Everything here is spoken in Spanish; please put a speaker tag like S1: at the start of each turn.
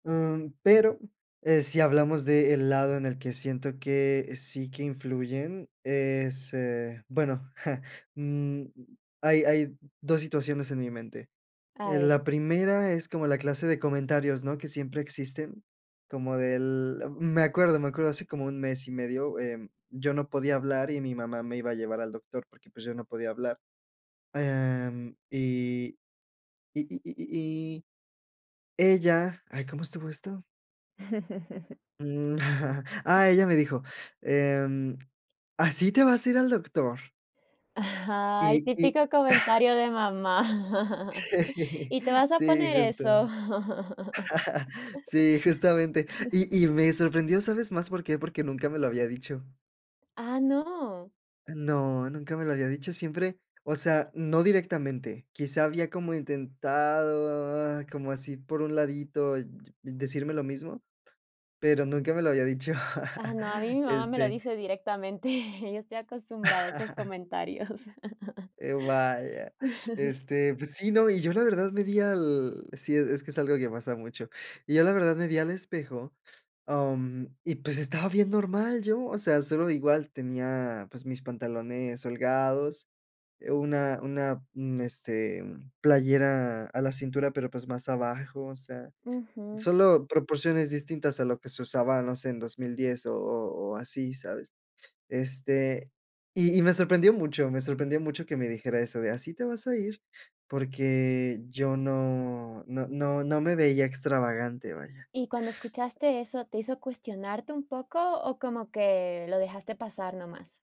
S1: Mm, pero, eh, si hablamos de el lado en el que siento que sí que influyen, es, eh, bueno, mm, hay hay 2 situaciones en mi mente.
S2: A
S1: En
S2: ver.
S1: la primera, es como la clase de comentarios, ¿no?, que siempre existen, como del me acuerdo, me acuerdo, hace como 1 mes y medio, em, yo no podía hablar, y mi mamá me iba a llevar al doctor, porque, pues, yo no podía hablar. Em, y y y y y ella ay, ¿cómo estuvo esto? mm, ah, ella me dijo, em: "¿Así te vas a ir al doctor?"
S2: Ajá ay,
S1: Y y
S2: típico comentario de mamá,
S1: Sí,
S2: ¿y te vas a
S1: sí,
S2: poner
S1: justo.
S2: eso?
S1: Sí, justamente. Y y me sorprendió, ¿sabes más por qué?, porque nunca me lo había dicho.
S2: ¡Ah, no!
S1: No, nunca me lo había dicho, siempre o sea, no directamente, quizá, había como intentado, como así por un ladito, decirme lo mismo, pero nunca me lo había dicho.
S2: Ah, no, a mí, mi mamá me lo
S1: Este
S2: dice directamente, yo estoy acostumbrada a esos comentarios.
S1: Eh, uh, vaya, este, pues sí, no, y yo la verdad me di al sí, es que es algo que pasa mucho, yo la verdad me vi al espejo, am, y pues, estaba bien normal yo. O sea, solo igual, tenía, pues, mis pantalones holgados, eh, una una un este, playera a la cintura, pero, pues, más abajo, o sea,
S2: Ujú.
S1: solo proporciones distintas a lo que se usaba, no sé, en 2010, o o o así, ¿sabes? Este, y y me sorprendió mucho, me sorprendió mucho que me dijera eso de: "¿Así te vas a ir?", porque yo no, no, no, no me veía extravagante, vaya.
S2: Y cuando escuchaste eso, ¿te hizo cuestionarte un poco, o como que lo dejaste pasar nomás?